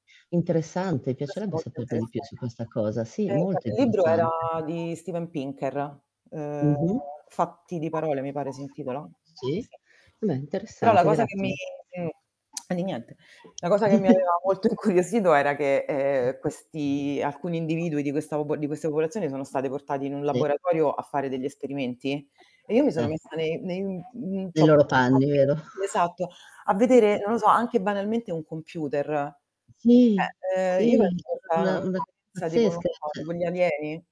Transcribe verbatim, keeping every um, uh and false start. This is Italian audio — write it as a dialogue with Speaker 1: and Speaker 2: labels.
Speaker 1: Interessante,
Speaker 2: Questo
Speaker 1: piacerebbe
Speaker 2: molto
Speaker 1: saperne di più su
Speaker 2: interessante.
Speaker 1: questa cosa. Sì,
Speaker 2: Eh,
Speaker 1: molto
Speaker 2: guarda il libro
Speaker 1: interessante.
Speaker 2: era di Stephen Pinker, uhm,
Speaker 1: Mh-mh.
Speaker 2: "Fatti di parole" mi pare si intitola
Speaker 1: Sì,
Speaker 2: sì.
Speaker 1: beh
Speaker 2: Però la
Speaker 1: interessante,
Speaker 2: cosa che mi
Speaker 1: grazie.
Speaker 2: m e di niente. La cosa che mi aveva molto incuriosito, era che, ehm, questi alcuni individui di questa popo di questa popolazione sono state portati in un
Speaker 1: Sì.
Speaker 2: laboratorio a fare degli esperimenti, e io mi sono
Speaker 1: Eh.
Speaker 2: messa ne nei n
Speaker 1: Nei
Speaker 2: c'ho
Speaker 1: loro
Speaker 2: provato
Speaker 1: panni,
Speaker 2: eh,
Speaker 1: vero?
Speaker 2: sì esatto, a vedere, non lo so, anche banalmente un computer.
Speaker 1: Sì,
Speaker 2: ceh ehm, io
Speaker 1: sì,
Speaker 2: penso che è
Speaker 1: [unintelligible]
Speaker 2: stata una
Speaker 1: una una
Speaker 2: esperienza, tipo non
Speaker 1: pazzesca
Speaker 2: so tipo
Speaker 1: [unintelligible]
Speaker 2: gli alieni.